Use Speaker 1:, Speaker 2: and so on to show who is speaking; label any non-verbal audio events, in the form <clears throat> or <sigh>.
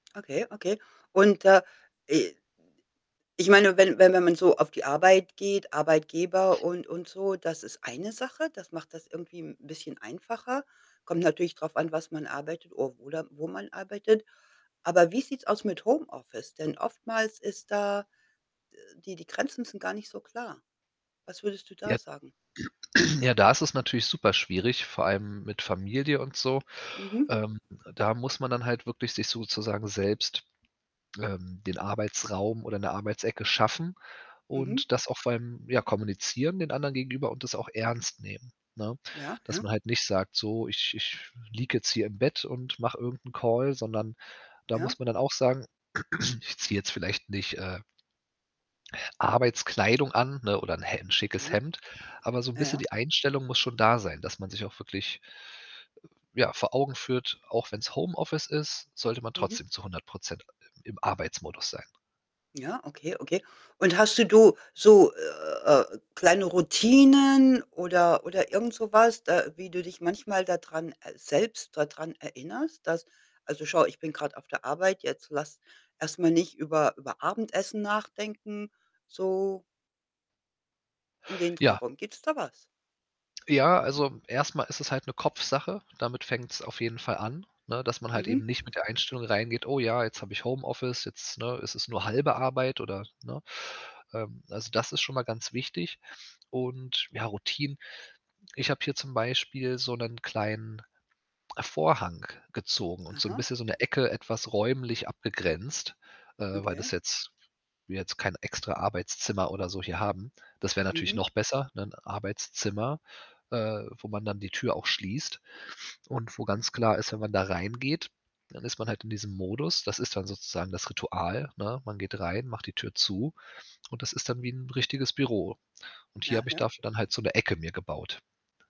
Speaker 1: Okay, okay. Und, äh, i ich meine, wenn wenn wenn man so auf die Arbeit geht, Arbeitgeber und und so, das ist eine Sache. Das macht das irgendwie 'n bisschen einfacher. Kommt natürlich drauf an, was man arbeitet o oder wo man arbeitet. Aber wie sieht's aus mit Homeoffice? Denn oftmals ist da d die die Grenzen sind gar nicht so klar. Was würdest du da
Speaker 2: Ja.
Speaker 1: sagen?
Speaker 2: <clears throat> Ja, da ist es natürlich super schwierig, vor allem mit Familie und so.
Speaker 1: Mhm.
Speaker 2: Ähm, da muss man dann halt wirklich sich sozusagen selbst, ähm, den Arbeitsraum oder 'ne Arbeitsecke schaffen
Speaker 1: Mhm.
Speaker 2: und das auch vor allem, ja, kommunizieren den anderen gegenüber und das auch ernst nehmen, ne?
Speaker 1: Ja, ja.
Speaker 2: Dass man halt nicht sagt: „So, ich ich liege jetzt hier im Bett und mache irgend 'n Call“, sondern da
Speaker 1: Ja.
Speaker 2: muss man dann auch sagen: <clears throat> „Ich ziehe jetzt vielleicht nicht, äh, Arbeitskleidung an, ne oder 'n Hem 'n schickes
Speaker 1: Ja.
Speaker 2: Hemd“, aber so 'n bisschen
Speaker 1: Ja.
Speaker 2: die Einstellung muss schon da sein, dass man sich auch wirklich ja, vor Augen führt, auch wenn's Homeoffice ist, sollte man
Speaker 1: Mhm.
Speaker 2: trotzdem zu 100 % i im Arbeitsmodus sein.
Speaker 1: Ja, okay, okay. Und hast du du so, äh, kleine Routinen oder oder irgend so was, d äh, wie du dich manchmal dadran äh, selbst dadran erinnerst, dass „also, schau, ich bin grad auf der Arbeit jetzt, lass erst mal nicht über über Abendessen nachdenken“, so und den Dreh
Speaker 2: Ja.
Speaker 1: rum. Gibt's da was?
Speaker 2: Ja, also, erst mal ist es halt 'ne Kopfsache. Damit fängt's auf jeden Fall an, ne, dass man halt
Speaker 1: Mhm.
Speaker 2: eben nicht mit der Einstellung reingeht: „Oh ja, jetzt habe ich Homeoffice, jetzt, ne, ist es nur 1/2 Arbeit“, oder, ne? Ähm, also, das ist schon mal ganz wichtig und ja, Routinen ich habe hier zum Beispiel so 'nen kleinen Vorhang gezogen und so 'n
Speaker 1: Aha.
Speaker 2: bisschen so 'ne Ecke etwas räumlich abgegrenzt, äh, weil das
Speaker 1: Okay.
Speaker 2: jetzt wir jetzt kein extra Arbeitszimmer oder so hier haben. Das wär natürlich
Speaker 1: Mhm.
Speaker 2: noch besser, ne, 'n Arbeitszimmer, äh, wo man dann die Tür auch schließt und wo ganz klar ist, wenn man da reingeht, dann ist man halt in diesem Modus. Das ist dann sozusagen das Ritual, ne? Man geht rein, macht die Tür zu und das ist dann wie 'n richtiges Büro und hier
Speaker 1: Ja,
Speaker 2: habe ich
Speaker 1: ja.
Speaker 2: dafür dann halt so 'ne Ecke mir gebaut.